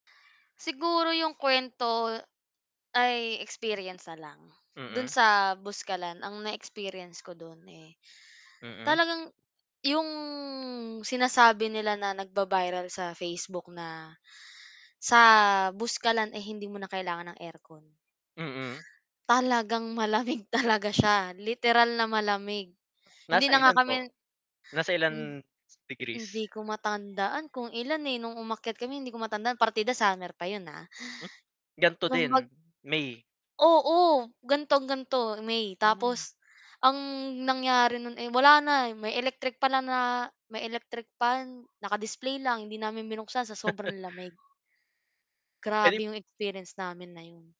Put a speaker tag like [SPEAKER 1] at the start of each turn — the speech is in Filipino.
[SPEAKER 1] Siguro yung kwento ay experience na lang, dun
[SPEAKER 2] Mm.
[SPEAKER 1] sa Buskalan ang na experience ko dun eh,
[SPEAKER 2] Mm.
[SPEAKER 1] talagang yung sinasabi nila na nagba-viral sa Facebook na sa Buskalan eh, hindi mo na kailangan ng aircon.
[SPEAKER 2] Mm.
[SPEAKER 1] Talagang malamig, talaga siya literal na malamig hindi
[SPEAKER 2] Nasa
[SPEAKER 1] na nga
[SPEAKER 2] ilan po,
[SPEAKER 1] kami
[SPEAKER 2] nasa ilang degrees?
[SPEAKER 1] hindi ko matandaan kung ilan eh, nung umakyat kami hindi ko matandaan, partida summer pa yun ah.
[SPEAKER 2] Hm, gan'to
[SPEAKER 1] Kung
[SPEAKER 2] din,
[SPEAKER 1] mag
[SPEAKER 2] May.
[SPEAKER 1] Oo gan'tong-gan'to, May tapos ang nangyari no'n eh, wala na may electric fan lang na may electric fan, naka-display lang hindi namin binuksan sa sobrang lamig.
[SPEAKER 2] Elip
[SPEAKER 1] Grabe yung experience namin na yun.